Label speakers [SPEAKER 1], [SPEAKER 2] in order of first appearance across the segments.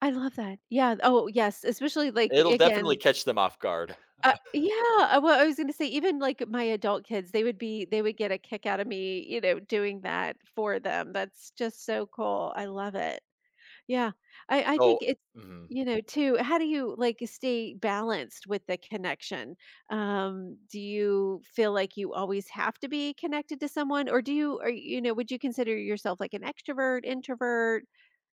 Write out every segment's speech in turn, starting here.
[SPEAKER 1] I love that, yeah, oh yes, especially, like,
[SPEAKER 2] It'll definitely
[SPEAKER 1] again
[SPEAKER 2] catch them off guard,
[SPEAKER 1] Uh,
[SPEAKER 2] uh
[SPEAKER 1] yeah, eh, well I was gonna say, even, like, my adult kids, they would be they would get a kick outta me, you know, doing that for them, that's just, so cool, I love it, yeah, I I
[SPEAKER 2] So,
[SPEAKER 1] think it's
[SPEAKER 2] mhm.
[SPEAKER 1] you know, too how do you, like, stay balanced with the connection? Um, do you feel like you always have to be connected to someone, or do you or, you know, would you consider yourself, like, an extrovert, introvert?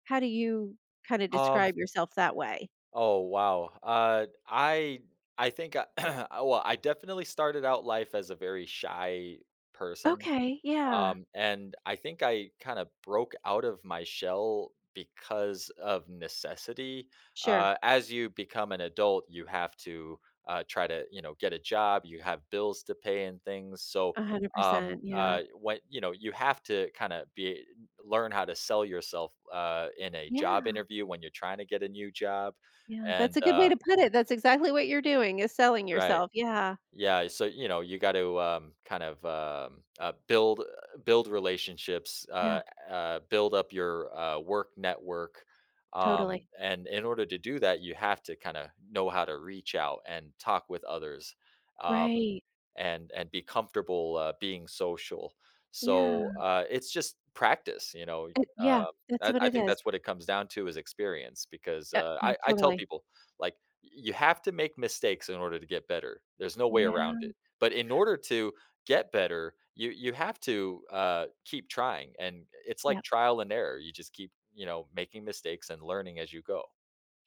[SPEAKER 1] How do you kinda
[SPEAKER 2] Um
[SPEAKER 1] describe yourself that way?
[SPEAKER 2] Oh wow, uh, I I think uh oh, well, I definitely started out life as a very shy person,
[SPEAKER 1] Okay, yeah.
[SPEAKER 2] um, and I think I kinda broke out of my shell because of necessity.
[SPEAKER 1] Sure.
[SPEAKER 2] Uh, as you become an adult, you have to, uh, try to, you know, get a job. You have bills to pay and things, so,
[SPEAKER 1] a hundred
[SPEAKER 2] um,
[SPEAKER 1] percent, yeah.
[SPEAKER 2] uh, what you know, you have to kinda be learn how to sell yourself, uh, in a job
[SPEAKER 1] Yeah.
[SPEAKER 2] interview when you're trying to get a new job,
[SPEAKER 1] Yeah, that's
[SPEAKER 2] and
[SPEAKER 1] a good
[SPEAKER 2] uh
[SPEAKER 1] way to put it, that's exactly what you're doing, is selling
[SPEAKER 2] Right,
[SPEAKER 1] yourself, yeah.
[SPEAKER 2] yeah, eh, so, you know, you got to kind of um, uh, build build relationships, uh
[SPEAKER 1] Yeah.
[SPEAKER 2] uh, build up your, uh, work network, um,
[SPEAKER 1] Totally.
[SPEAKER 2] and in order to do that you have to kinda know how to reach out, and talk with others, um,
[SPEAKER 1] Right.
[SPEAKER 2] and and be comfortable being social.
[SPEAKER 1] Yeah.
[SPEAKER 2] So, uh, it's just practice you know,
[SPEAKER 1] Uh, yeah,
[SPEAKER 2] um,
[SPEAKER 1] that's
[SPEAKER 2] I
[SPEAKER 1] what
[SPEAKER 2] I
[SPEAKER 1] it
[SPEAKER 2] think
[SPEAKER 1] is.
[SPEAKER 2] that's what it comes down to is experience because,
[SPEAKER 1] Uh,
[SPEAKER 2] uh,
[SPEAKER 1] yeah,
[SPEAKER 2] I I tell
[SPEAKER 1] totally.
[SPEAKER 2] people, like, y you have to make mistakes in order to get better. There's no way around
[SPEAKER 1] Yeah.
[SPEAKER 2] it, but in order to get better, you you have to, uh, keep trying, and it's like
[SPEAKER 1] Yup.
[SPEAKER 2] trial and error, you just keep, you know, making mistakes and learning as you go.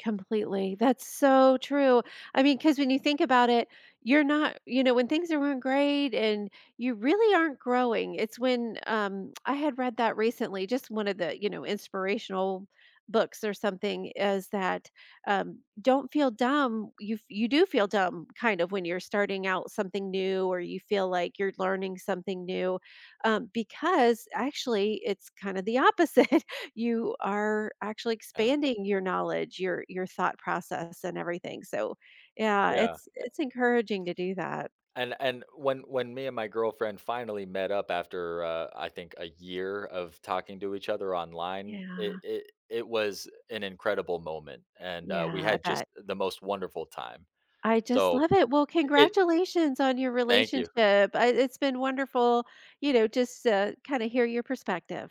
[SPEAKER 1] Completely, that's so true, I mean, 'cause when you think about it, you're not you know, when things were go great, and you really aren't growing, it's when, um I had read that recently, just one of the, you know, inspirational books or something, is that, um, don't feel dumb, you f you do feel dumb kind of when you're starting out something new, or you feel like you're learning something new, um, because actually, it's kinda the opposite, you are actually
[SPEAKER 2] Yeah.
[SPEAKER 1] expanding your knowledge, your your thought process and everything. So yeah,
[SPEAKER 2] Yeah,
[SPEAKER 1] it's
[SPEAKER 2] eh
[SPEAKER 1] it's encouraging to do that.
[SPEAKER 2] And and when when me and my girlfriend finally met up after, uh, I think a year of talking to each other online, it
[SPEAKER 1] Yeah.
[SPEAKER 2] it it was an incredible moment and, uh, we
[SPEAKER 1] Yeah, I
[SPEAKER 2] had just
[SPEAKER 1] bet.
[SPEAKER 2] the most wonderful time,
[SPEAKER 1] I just
[SPEAKER 2] so
[SPEAKER 1] love it, well,
[SPEAKER 2] i it
[SPEAKER 1] congratulations on your
[SPEAKER 2] Thank you.
[SPEAKER 1] relationship, uh, it's been wonderful, you know, just to kinda hear your perspective.